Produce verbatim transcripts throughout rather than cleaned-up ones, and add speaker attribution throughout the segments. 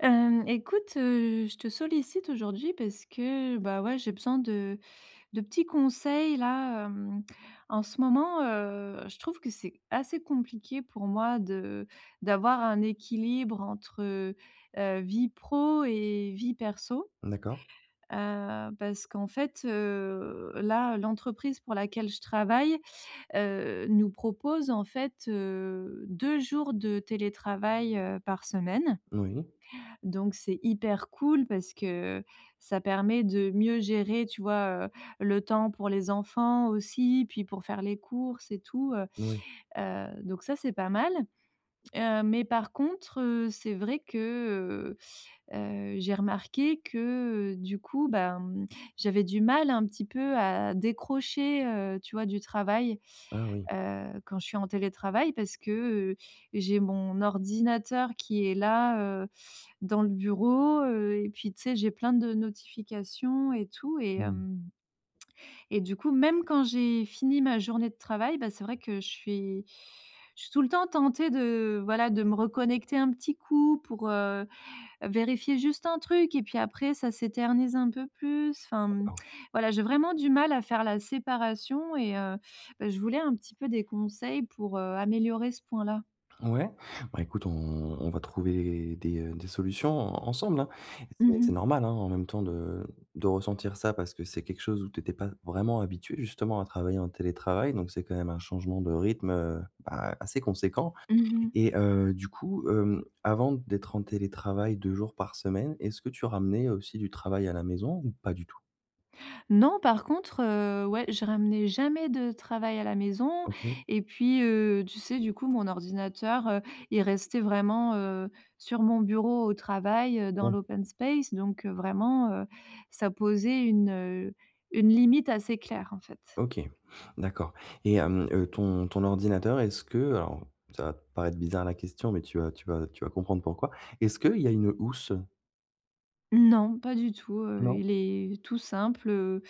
Speaker 1: Hem, écoute, heu, je te sollicite aujourd'hui parce que, bah, ouais, j'ai besoin de de petits conseils, là. Hem, en ce moment, heu, je trouve que c'est assez compliqué pour moi de d'avoir un équilibre entre, heu, vie pro et vie perso.
Speaker 2: Mmh d'accord.
Speaker 1: Heu, parce qu'en fait, heu, là, l'entreprise pour laquelle je travaille, heu, nous propose en fait, heu, deux jours de télétravail, heu, par semaine.
Speaker 2: Moui.
Speaker 1: Donc, c'est hyper cool, parce que, ça permet de mieux gérer, tu vois, heu, le temps pour les enfants aussi, puis pour faire les courses et tout, heu
Speaker 2: Oui.
Speaker 1: heu, donc ça, c'est pas mal. Heu, mais par contre, heu, c'est vrai que, heu heu, j'ai remarqué que du coup, bah, j'avais du mal un petit peu à décrocher, heu, tu vois, du travail,
Speaker 2: Ah, oui!
Speaker 1: heu, quand je suis en télétravail. Parce que, heu, j'ai mon ordinateur qui est là, heu, dans le bureau, heu, et puis tu sais, j'ai plein de notifications, et tout. Et
Speaker 2: Mmh.
Speaker 1: hem, et du coup, même quand j'ai fini ma journée de travail, bah, c'est vrai que je suis je suis tout le temps tentée de, voilà, de me reconnecter un petit coup pour, heu, vérifier juste un truc et puis après ça s'éternise un peu plus, enfin mmh,
Speaker 2: D'accord.
Speaker 1: voilà. J'ai vraiment du mal à faire la séparation et, heu, bah, je voulais un petit peu des conseils pour, heu, améliorer ce point là.
Speaker 2: Ouais, ben écoute on on va trouver des, heu, des solutions en ensemble, hein. C'est
Speaker 1: Mmh
Speaker 2: c'est
Speaker 1: mh.
Speaker 2: normal, hein, en même temps de de ressentir ça, parce que c'est quelque chose où tu étais pas vraiment habituée, justement, à travailler en télétravail. Donc c'est quand même un changement de rythme, heu, ben assez conséquent.
Speaker 1: Mmh mh.
Speaker 2: Et heu, du coup, hem, avant d'être en télétravail deux jours par semaine, est-ce que tu ramenais, heu, aussi du travail à la maison ou pas du tout?
Speaker 1: Non. Par contre, heu, ouais, je ramenais jamais de travail à la maison
Speaker 2: OK.
Speaker 1: et puis, heu, tu sais, du coup mon ordinateur, heu, il restait vraiment, heu, sur mon bureau, au travail, heu, dans
Speaker 2: Ouais.
Speaker 1: l'open space. Donc, heu, vraiment, heu, ça posait une une limite assez claire, en fait.
Speaker 2: OK. D'accord. Et hem, heu, ton ton ordinateur, est-ce que, heu alors ça va te paraître bizarre la question, mais tu vas tu vas tu vas comprendre pourquoi. Est-ce qu'il y a une housse?
Speaker 1: Non, pas du tout, heu,
Speaker 2: Non?
Speaker 1: il est tout simple, heu.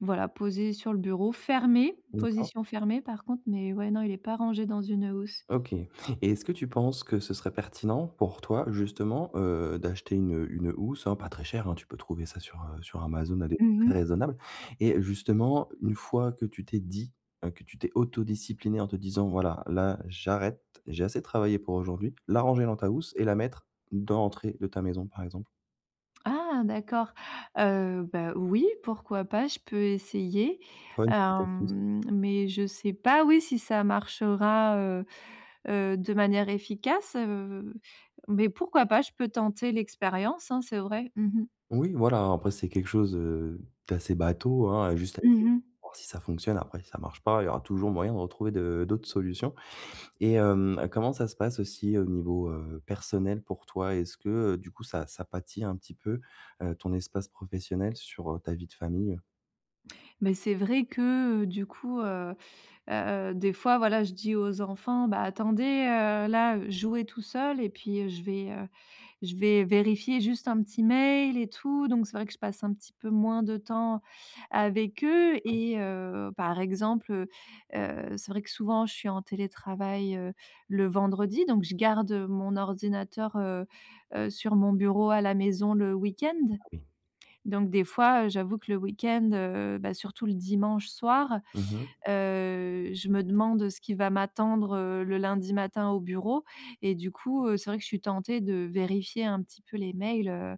Speaker 1: Voilà, posé sur le bureau, fermé,
Speaker 2: D'accord.
Speaker 1: position fermée par contre. Mais, ouais, non, il est pas rangé dans une housse.
Speaker 2: OK. Et est-ce que tu penses que ce serait pertinent pour toi, justement, heu, d'acheter une une housse, hein, pas très chère, hein, tu peux trouver ça sur, heu, sur Amazon à des prix
Speaker 1: Mmh
Speaker 2: très
Speaker 1: mh.
Speaker 2: raisonnables, et, heu, justement une fois que tu t'es dit que tu t'es auto-disciplinée en te disant: «Voilà, là j'arrête. J'ai assez travaillé pour aujourd'hui.», la ranger dans ta housse et la mettre dans l'entrée de ta maison, par exemple?
Speaker 1: Ah d'accord! Heu, bah oui, pourquoi pas? Je peux essayer.
Speaker 2: Tu vois, une petite astuce?
Speaker 1: Hem, mais je sais pas, oui si ça marchera, heu heu, de manière efficace. Heu, mais pourquoi pas? Je peux tenter l'expérience hein, c'est vrai. Mmh mh.
Speaker 2: Oui, voilà. Hein, après c'est quelque chose, heu, d'assez bateau, hein, juste à essayer
Speaker 1: Mmh
Speaker 2: de
Speaker 1: mh.
Speaker 2: voir si ça fonctionne, après si ça marche pas, il y aura toujours moyen de retrouver de d'autres solutions. Et hem, comment ça se passe aussi au niveau, heu, personnel pour toi? Est-ce que, heu, du coup ça, ça pâtit un petit peu, heu, ton espace professionnel sur, heu, ta vie de famille?
Speaker 1: Mais c'est vrai que, du coup, heu he heu, des fois, voilà, je dis aux enfants: «Bah attendez, heu, là, jouez tout seuls et puis je vais, heu, je vais vérifier juste un petit mail et tout.», donc c'est vrai que je passe un petit peu moins de temps avec eux.
Speaker 2: Oui.
Speaker 1: Et, heu, par exemple, heu heu, c'est vrai que souvent je suis en télétravail, heu, le vendredi, donc je garde mon ordinateur, heu heu, sur mon bureau à la maison, le week-end.
Speaker 2: Bah oui.
Speaker 1: Donc, des fois, heu, j'avoue que le week-end, heu, bah surtout le dimanche soir,
Speaker 2: Mmh mh.
Speaker 1: heu, je me demande ce qui va m'attendre le lundi matin au bureau. Et du coup, heu, c'est vrai que je suis tentée de vérifier un petit peu les mails, heu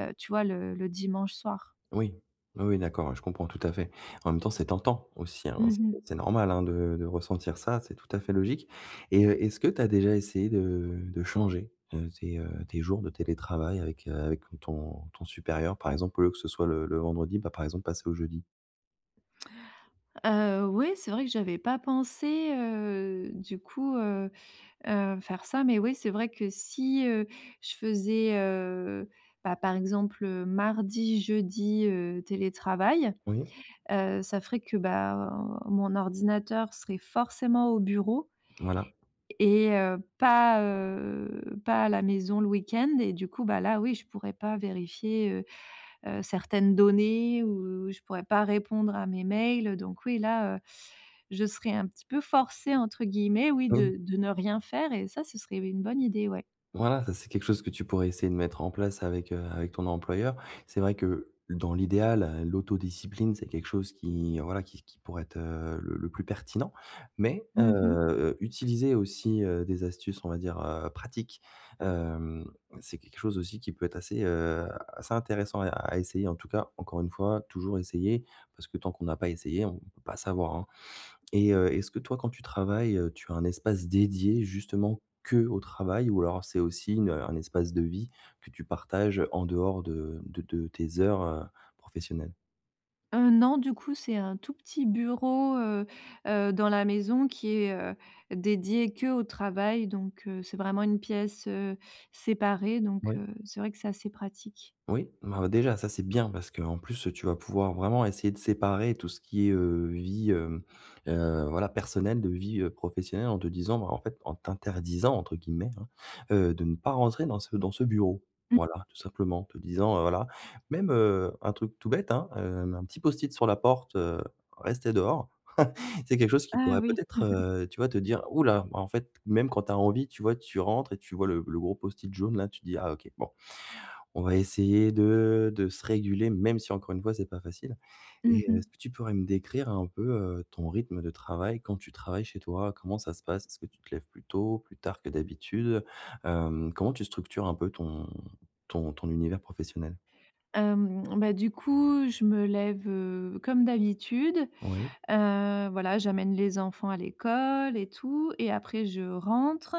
Speaker 1: heu, tu vois le le dimanche soir.
Speaker 2: Oui. Oui, oui, d'accord, ouais. Je comprends tout à fait. En même temps, c'est tentant aussi, hein.
Speaker 1: Mmh
Speaker 2: C
Speaker 1: mh.
Speaker 2: c'est normal hein de de ressentir ça, c'est tout à fait logique. Et, heu, est-ce que tu as déjà essayé de de changer, heu, tes, heu, tes jours de télétravail avec, heu, avec ton ton supérieur? Par exemple, au lieu que ce soit le le vendredi, bah par exemple passer au jeudi.
Speaker 1: Heu, oui, c'est vrai que j'avais pas pensé, heu, du coup, heu heu, faire ça. Mais oui, c'est vrai que si, heu, je faisais, heu, bah, par exemple, heu, mardi, jeudi, heu, télétravail.
Speaker 2: Oui?
Speaker 1: Heu, ça ferait que, bah, mon ordinateur serait forcément au bureau
Speaker 2: Voilà.
Speaker 1: et heu, pas, heu pas à la maison le week-end. Et du coup, bah, là oui, je pourrais pas vérifier, heu heu, certaines données, ou je pourrais pas répondre à mes mails. Heu, donc oui, là, heu, je serais un petit peu forcée entre guillemets, oui, de
Speaker 2: [unintelligible]
Speaker 1: de ne rien faire et ça, ce serait oui, une bonne idée, ouais.
Speaker 2: Voilà, ça, c'est quelque chose que tu pourrais essayer de mettre en place avec avec, heu, avec ton employeur. C'est vrai que, dans l'idéal, l'autodiscipline, c'est quelque chose qui, voilà, qui qui pourrait être, heu, le le plus pertinent. Mais, heu
Speaker 1: Mmh mh.
Speaker 2: heu, utiliser aussi, heu, des astuces, on va dire, heu, pratiques. Hem, c'est quelque chose aussi qui peut être assez, heu, assez intéressant à e à essayer, en tout cas. Encore une fois, toujours essayer, parce que tant qu'on a pas essayé, on peut pas savoir, hein. Et heu est-ce que toi quand tu travailles, heu, tu as un espace dédié, justement, que au travail, ou alors c'est aussi une un espace de vie, que tu partages en dehors de de de tes heures, heu, professionnelles?
Speaker 1: Heu, non, du coup, c'est un tout petit bureau, heu heu, dans la maison, qui est, heu, dédié qu'au travail. Donc, heu, c'est vraiment une pièce, heu, séparée. Donc, heu,
Speaker 2: Oui.
Speaker 1: c'est vrai que c'est assez pratique.
Speaker 2: Oui, mais alors déjà, ça c'est bien, parce qu'en plus, tu vas pouvoir vraiment essayer de séparer tout ce qui est, heu, vie, hem, heu, voilà, personnelle, de vie, heu, professionnelle en te disant: «Bah, en fait», en t'interdisant, entre guillemets, hein, heu, de ne pas rentrer dans ce dans ce bureau.
Speaker 1: Mmh.
Speaker 2: Voilà, tout simplement. En te disant: «Heu, voilà», même, heu, un truc tout bête, hein, heu, mais un petit Post-it sur la porte, heu, restez dehors. C'est quelque chose qui
Speaker 1: Ah,
Speaker 2: pourrait
Speaker 1: oui.
Speaker 2: peut-être, heu, tu vois te dire: «Oula» bah, en fait même quand tu as envie tu vois, tu rentres et tu vois le le gros Post-it jaune, là, tu te dis: «Ah, OK. Bon. On va essayer de de se réguler», même si encore une fois c'est pas facile.
Speaker 1: Mmh
Speaker 2: Et, heu, est-ce
Speaker 1: mh.
Speaker 2: que tu pourrais me décrire un peu, heu, ton rythme de travail quand tu travailles chez toi? Comment ça se passe, est-ce que tu te lèves plus tôt, plus tard que d'habitude? Hem, comment tu structures un peu ton ton ton univers professionnel?
Speaker 1: Hem, bah, du coup, je me lève, heu, comme d'habitude.
Speaker 2: Oui.
Speaker 1: Heu, voilà, j'amène les enfants à l'école et tout, et après, je rentre.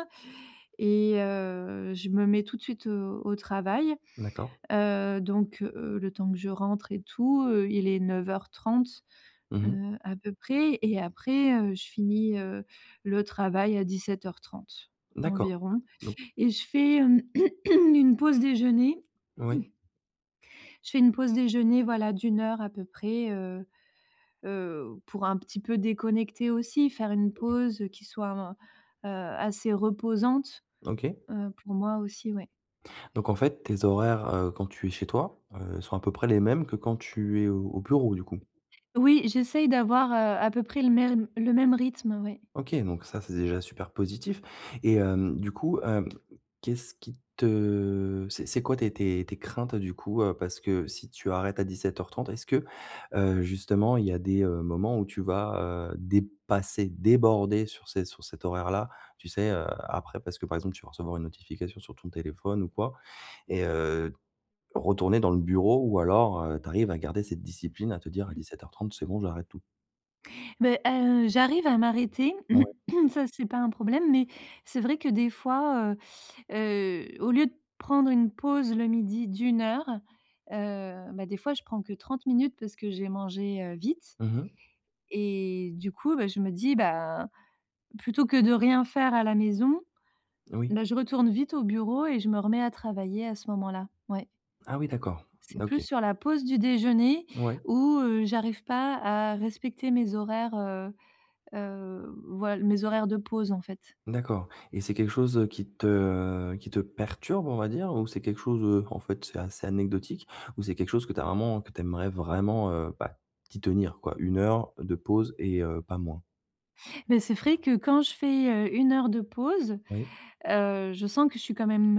Speaker 1: Et, heu, je me mets tout de suite, heu, au travail.
Speaker 2: D'accord.
Speaker 1: Heu, donc, heu, le temps que je rentre et tout, heu, il est neuf heures trentee,
Speaker 2: Mmh mh.
Speaker 1: heu, à peu près. Et après, heu, je finis, heu, le travail à dix-sept heures trente
Speaker 2: D'accord.
Speaker 1: environ.
Speaker 2: Don
Speaker 1: Et je fais une pause déjeuner
Speaker 2: Oui.
Speaker 1: je fais une pause déjeuner, voilà, d'une heure, à peu près. Heu heu, pour un petit peu déconnecter, aussi. Faire une
Speaker 2: OK.
Speaker 1: pause, heu, qui soit en heu, assez reposante,
Speaker 2: OK.
Speaker 1: heu, pour moi aussi, ouais.
Speaker 2: Donc, en fait, tes horaires, heu, quand tu es chez toi, heu, sont à peu près les mêmes que quand tu es au au bureau du coup?
Speaker 1: Oui. J'essaye d'avoir, heu, à peu près le mêm le même rythme, ouais.
Speaker 2: OK. Donc ça c'est déjà super positif. Et, hem, du coup, hem, qu'est-ce qui te c'est c'est quoi, tes tes tes craintes, heu, du coup? Heu, parce que si tu arrêtes à dix-sept heures trente, est-ce que, heu, justement, il y a des, heu, moments où tu vas, heu, dépasser, déborder sur c sur cet horaire-là? Tu sais, heu, après, parce que, par exemple, tu vas recevoir une notification sur ton téléphone ou quoi. Et, heu, retourner dans le bureau ou alors, heu, tu arrives à garder cette discipline, à te dire: «À dix-sept heures trente c'est bon, j'arrête tout»?
Speaker 1: Beh, heu, j'arrive à m'arrêter,
Speaker 2: Ouais.
Speaker 1: ça c'est pas un problème. Mais c'est vrai que des fois, heu heu, au lieu de prendre une pause le midi d'une heure. Heu, bah des fois je prends que trente minutes parce que j'ai mangé, heu, vite.
Speaker 2: Mmh mh.
Speaker 1: Et, du coup, bah, je me dis, ben: «Plutôt que de rien faire à la maison,
Speaker 2: Oui.
Speaker 1: bah, je retourne vite au bureau et je me remets à travailler, à ce moment-là». Ouais.
Speaker 2: Ah oui, d'accord.
Speaker 1: C'est
Speaker 2: N
Speaker 1: plus
Speaker 2: OK.
Speaker 1: sur la pause du déjeuner
Speaker 2: Ouais.
Speaker 1: où, heu, j'arrive pas à respecter mes horaires, heu heu, voil mes horaires de pause, en fait.
Speaker 2: D'accord. Et c'est quelque chose, heu, qui te, heu, qui te perturbe, on va dire, ou c'est quelque chose, heu, en fait, c'est assez anecdotique? Ou c'est quelque chose que tu as vraiment que tu aimerais vraiment heu, bah, t'y tenir, quoi une heure de pause et, heu, pas moins?
Speaker 1: Mais c'est frais que, quand je fais, heu, une heure de pause,
Speaker 2: Oui.
Speaker 1: heu, je sens que je suis quand même,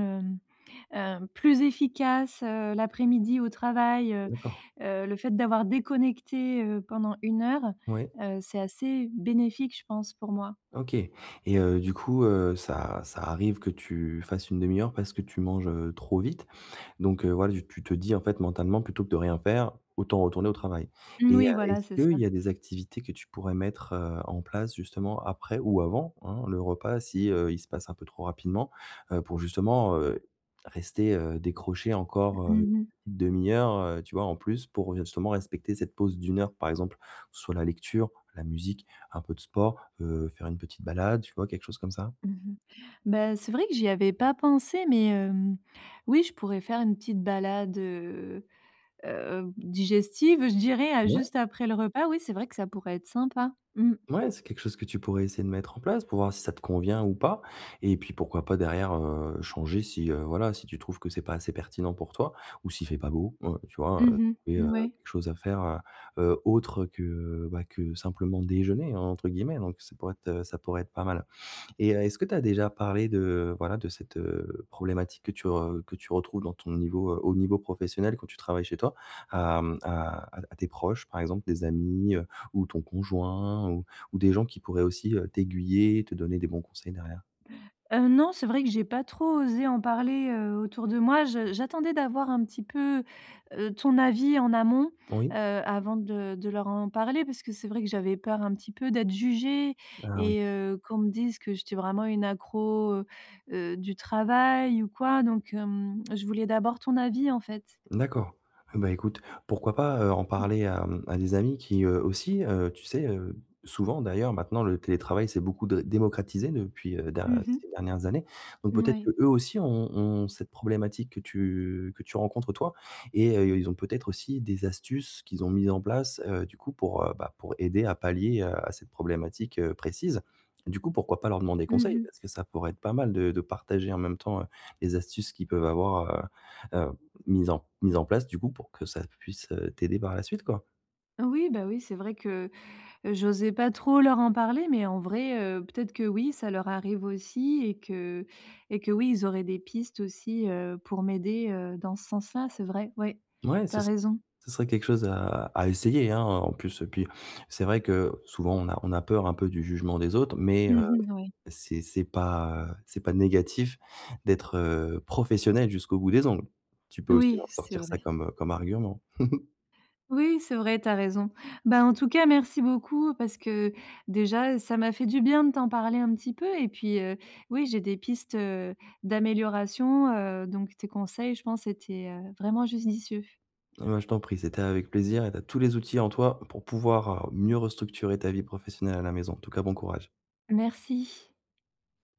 Speaker 1: ne heu, plus efficace, heu, l'après-midi au travail. Heu
Speaker 2: D'accord.
Speaker 1: heu, le fait d'avoir déconnecté, heu, pendant une heure,
Speaker 2: Mouais.
Speaker 1: heu, c'est assez bénéfique, je pense, pour moi.
Speaker 2: OK. Et heu, du coup, heu, ça ça arrive que tu fasses une demi-heure parce que tu manges, heu, trop vite. Donc, heu, voilà, du tu te dis en fait, mentalement: «Plutôt que de rien faire, autant retourner au travail.»
Speaker 1: N
Speaker 2: Et, heu,
Speaker 1: oui voilà,
Speaker 2: est-ce
Speaker 1: c'est ça.
Speaker 2: qu'il y a des activités que tu pourrais mettre, heu, en place justement après ou avant, hein, le repas si, heu, il se passe un peu trop rapidement, heu, pour justement, heu, rester, heu, décroché
Speaker 1: M
Speaker 2: encore, heu,
Speaker 1: mmh mh.
Speaker 2: une demi-heure, heu, tu vois, en plus, pour, heu, justement respecter cette pause d'une heure? Par exemple: que ce soit la lecture, la musique, un peu de sport, heu, faire une petite balade, tu vois? Quelque chose comme ça.
Speaker 1: Mmh mh. Bah, c'est vrai que j'y avais pas pensé, mais, hem, oui, je pourrais faire une petite balade, heu heu heu b digestive, je dirais, heu, à
Speaker 2: Ouais.
Speaker 1: juste après le repas. Oui, c'est vrai que ça pourrait être sympa, mmh.
Speaker 2: Ouais, c'est quelque chose que tu pourrais essayer de mettre en place pour voir si ça te convient ou pas. Et puis, pourquoi pas derrière, heu, changer, si, heu, voilà, si tu trouves que c'est pas assez pertinent pour toi ou s'il fait pas beau, ouais, tu vois?
Speaker 1: Mmh mh.
Speaker 2: Trouver,
Speaker 1: N
Speaker 2: heu,
Speaker 1: ouais.
Speaker 2: quelque chose à faire, heu heu, autre que, bah, que simplement déjeuner, entre guillemets. Donc ça pourrait être heu, ça pourrait être pas mal. Et heu, est-ce que tu as déjà parlé de, voilà, de cette, heu, problématique que tu re que tu retrouves dans ton niveau heu, au niveau professionnel quand tu travailles chez toi, à hem à à à tes proches? Par exemple, des amis, heu, ou ton conjoint, ou ou des gens qui pourraient aussi, heu, t'aiguiller, et te donner des bons conseils derrière.
Speaker 1: Heu, non, c'est vrai que j'ai pas trop osé en parler, heu, autour de moi. J j'attendais d'avoir un petit peu, heu, ton avis en amont, heu,
Speaker 2: Oui.
Speaker 1: avant de de leur en parler parce que c'est vrai que j'avais peur un petit peu d'être jugée
Speaker 2: Ah oui.
Speaker 1: et heu, qu'on me dise que j'étais vraiment une accro, heu heu, du travail ou quoi. Donc, hem, je voulais d'abord ton avis, en fait.
Speaker 2: D'accord, eh ben, écoute, pourquoi pas, heu, en
Speaker 1: Mmh.
Speaker 2: parler à, hem, à des amis qui, heu, aussi heu, tu sais, heu souvent d'ailleurs, maintenant, le télétravail s'est beaucoup dré démocratisé depuis, heu, da
Speaker 1: Mmh mh.
Speaker 2: ces dernières années. Donc
Speaker 1: N
Speaker 2: peut-être que
Speaker 1: ouais.
Speaker 2: eux aussi ont ont ont cette problématique que tu que tu rencontres, toi. Et heu, ils ont peut-être aussi des astuces qu'ils ont mises en place, heu, du coup, pour, heu, bah, pour aider à pallier, heu, à cette problématique, heu, précise. Du coup, pourquoi pas leur demander
Speaker 1: Mmh
Speaker 2: conseil?
Speaker 1: mh.
Speaker 2: Parce que ça pourrait être pas mal de de partager en même temps, heu, les astuces qu'ils peuvent avoir, heu heu mises en mises en place, du coup, pour que ça puisse, heu, t'aider par la suite, quoi.
Speaker 1: Oui, bah oui, c'est vrai que, heu, j'osais pas trop leur en parler, mais en vrai, heu, peut-être que oui, ça leur arrive aussi et que et que oui ils auraient des pistes aussi, heu, pour m'aider, heu, dans ce sens-là, c'est vrai. Ouais,
Speaker 2: Ouais,
Speaker 1: tu
Speaker 2: ce
Speaker 1: as
Speaker 2: ser
Speaker 1: raison.
Speaker 2: ce serait quelque chose à à essayer, hein. En plus, heu puis c'est vrai que, heu, souvent, on a on a peur un peu du jugement des autres, mais, heu,
Speaker 1: Mmh mh, n ouais.
Speaker 2: c'est c'est pas heu c'est pas négatif d'être, heu, professionnel jusqu'au bout des ongles. Tu peux aussi
Speaker 1: Oui,
Speaker 2: leur
Speaker 1: c'est
Speaker 2: sortir ça
Speaker 1: vrai.
Speaker 2: comme, heu, comme argument.
Speaker 1: Oui, c'est vrai, tu as raison. Bah, en tout cas, merci beaucoup parce que, déjà, heu, ça m'a fait du bien de t'en parler un petit peu et puis, heu, oui, j'ai des pistes, heu, d'amélioration, heu, donc tes conseils, je pense, étaient, heu, vraiment jusdicieux.
Speaker 2: Ouais, je t'en prie c'était avec plaisir et tu as tous les outils en toi pour pouvoir, heu, mieux restructurer ta vie professionnelle à la maison, en tout cas bon courage.
Speaker 1: Merci.